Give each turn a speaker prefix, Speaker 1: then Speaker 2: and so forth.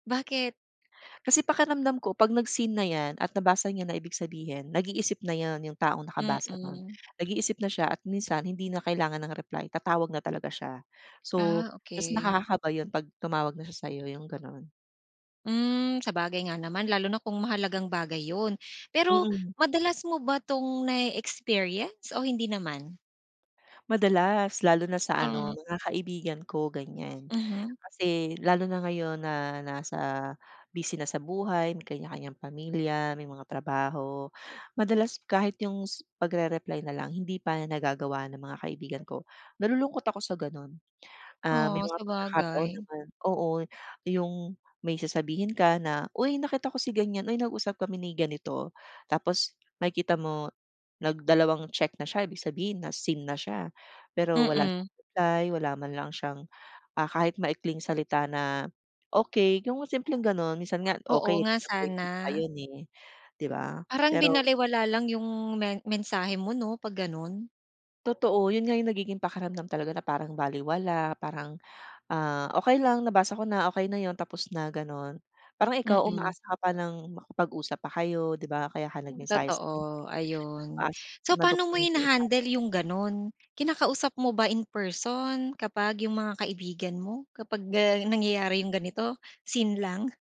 Speaker 1: Bakit?
Speaker 2: Kasi pakiramdam ko pag nag-seen na yan at nabasa niya na ibig sabihin nag-iisip na yan yung taong nakabasa nun.
Speaker 1: Mm.
Speaker 2: Nag-iisip na siya at minsan hindi na kailangan ng reply tatawag na talaga siya. So
Speaker 1: Ah,
Speaker 2: mas
Speaker 1: okey.
Speaker 2: nakakakaba yun 'pag tumawag na siya sayo yung ganun.
Speaker 1: Hmm. Sabagay nga naman lalo na kung mahalagang bagay yun, pero
Speaker 2: Mm.
Speaker 1: madalas mo ba tong nae-experience o hindi naman?
Speaker 2: Madalas, lalo na sa
Speaker 1: Hmm.
Speaker 2: ano mga kaibigan ko ganyan.
Speaker 1: Mhm.
Speaker 2: Kasi lalo na ngayon na nasa, busy na sa buhay may kanya-kanyang pamilya, may mga trabaho. Madalas kahit yung s pagrereply na lang hindi pa nagagawa ng mga kaibigan ko. Nalulungkot ako sa ganon. Ah, may
Speaker 1: Oh,
Speaker 2: mga pagkakataon
Speaker 1: sabagay.
Speaker 2: naman. Oo, yung may sasabihin ka na," Uy nakita ko si ganyan, uy nag-usap kami ni ganito." Tapos makikita mo nagdalawang check na siya ibig sabihin na-seen na siya. Pero wala
Speaker 1: Mm.
Speaker 2: siyang reply, wala man lang siyang, ah, kahit maikling salita na "okey". yung simpleng ganun. Minsan nga
Speaker 1: Oo
Speaker 2: okey
Speaker 1: nga, sana.
Speaker 2: disappointed pa yun, eh, di ba.
Speaker 1: Parang
Speaker 2: Pero
Speaker 1: binalewala lang yung men mensahe mo no pag ganon?
Speaker 2: Totoo. Yun nga yung nagiging pakiramdam talaga na parang balewala, parang, ah, okey lang nabasa ko na okey na yun tapos na ganon. Parang ikaw
Speaker 1: Mm.
Speaker 2: umaasa ka pa ng makapag-usap pa kayo di ba? Kaya ka nag-mensahe sa kan
Speaker 1: Totoo. Ayun.
Speaker 2: umaasa na
Speaker 1: So paano mo
Speaker 2: madugtongan pa yung usapan.
Speaker 1: hinahandle yung ganon? Kinakausap mo ba in person kapag yung mga kaibigan mo kapag, ah, nangyayari yung ganito seen lang?